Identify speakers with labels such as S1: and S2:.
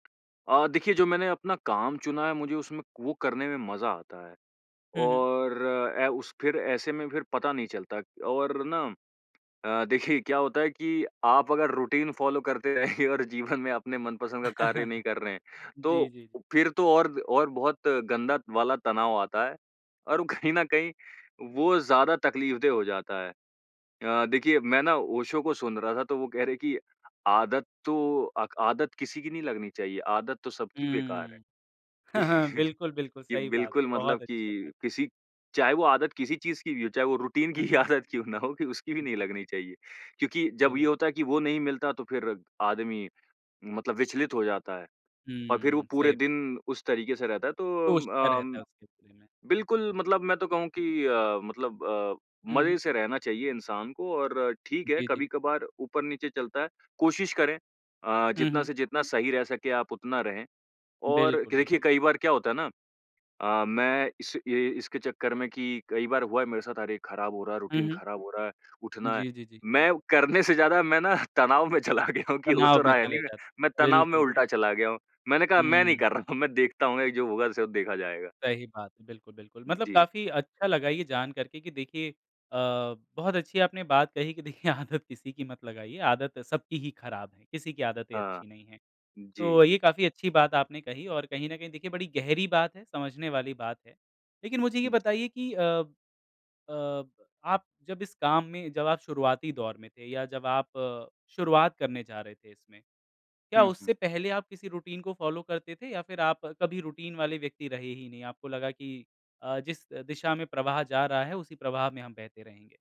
S1: अ, देखिए जो मैंने अपना काम चुना है मुझे उसमें वो करने में मज़ा आता है।
S2: हुँ, हुँ।
S1: और अ, उस फिर ऐसे में फिर पता नहीं चलता और ना अ, देखिए क्या होता है कि आप अगर रूटीन फ़ॉलो करते रहेंगे और जीवन में अपने मनपसंद का कार्य नहीं कर रहे हैं,
S2: जी,
S1: तो
S2: जी।
S1: फिर तो और और बहुत गंदा वाला तनाव आता है और कहीं न कहीं वो ज़्यादा तकलीफ़देह हो जाता है। अ, देखिए मैं ना ओशो को सुन रहा था तो वो कह रहे हैं कि आदत तो अ आदत किसी की नहीं लगनी चाहिए, आदत तो सबकी बेकार है।
S2: हुँ। हाँ, हाँ। बिल्कुल, बिल्कुल।
S1: ये
S2: सही बात है।
S1: बिल्कुल मतलब
S2: बहुत अच्छी बात है।
S1: कि किसी चाहे वो आदत किसी चीज़ की भी हो, चाहे वो रूटीन की
S2: हुँ,
S1: ही
S2: हुँ।
S1: आदत क्यों ना हो कि उसकी भी नहीं
S2: जी।
S1: लगनी चाहिए। क्योंकि जब ये
S2: बिल
S1: होता है कि वो नहीं मिलता तो फिर आदमी मतलब विचलित हो जाता है और फिर वो
S2: हुँ,
S1: पूरे
S2: सही
S1: दिन उस तरीके से रहता है
S2: सोचता
S1: तो
S2: रहता है
S1: अम,
S2: उसके बारे में।
S1: बिल्कुल मतलब मैं तो कहूँ कि अ, मतलब अ,
S2: हुँ,
S1: मजे
S2: हुँ।
S1: से रहना चाहिए इंसान को और ठीक है
S2: जी, जी।
S1: कभी-कभार ऊपर-नीचे चलता है। कोशिश करें अ,
S2: हुँ,
S1: जितना
S2: हुँ।
S1: से जितना सही रह सकें आप उतना रहें और
S2: बिल्कुल, बिल
S1: देखिए कई बार क्या होता है ना, अ, मैं इस ये इसके चक्कर में कि कई बार हुआ है मेरे साथ अरे! ख़राब हो रहा है,
S2: हुँ,
S1: रूटीन
S2: हुँ।
S1: खराब हो रहा है, उठना है।
S2: जी, जी, जी।
S1: मैं करने से ज़्यादा मैं ना तनाव में चला गया हूँ कि हो तो
S2: तनाव में
S1: रहा है
S2: चले
S1: नहीं है,
S2: जाते
S1: मैं
S2: हैं।
S1: तनाव में
S2: बिल्कुल बिल
S1: उल्टा चला गया हूँ। मैंने कहा मैं नहीं
S2: हुँ।
S1: कर रहा, मैं देखता हूँ अ, जो होगा सो देखा जाएगा।
S2: सही बात है। बिल्कुल, बिल्कुल। मतलब
S1: जी।
S2: काफ़ी अच्छा लगा ये जान कर के कि देखिए अ, बहुत अच्छी आपने बात कही कि देखिए आदत किसी की मत लगाइए, आदत सबकी ही ख़राब है, किसी की आदतें
S1: हाँ।
S2: अच्छी नहीं है।
S1: जी।
S2: तो ये काफ़ी अच्छी बात आपने कही और कहीं न कहीं देखिए बड़ी गहरी बात है, समझने वाली बात है। लेकिन मुझे ये
S1: जी।
S2: बताइए कि अ, ब अ, आप जब इस काम में जब आप शुरुआती दौर में थे या जब आप शुरुआत करने जा रहे थे इसमें, क्या
S1: हुँ, हुँ।
S2: उससे पहले आप किसी रूटीन को फ़ॉलो करते थे या फिर आप कभी रूटीन वाले व्यक्ति रहे ही नहीं, आपको लगा कि अ, जिस दिशा में प्रवाह जा रहा है उसी प्रवाह में हम बहते रहेंगे?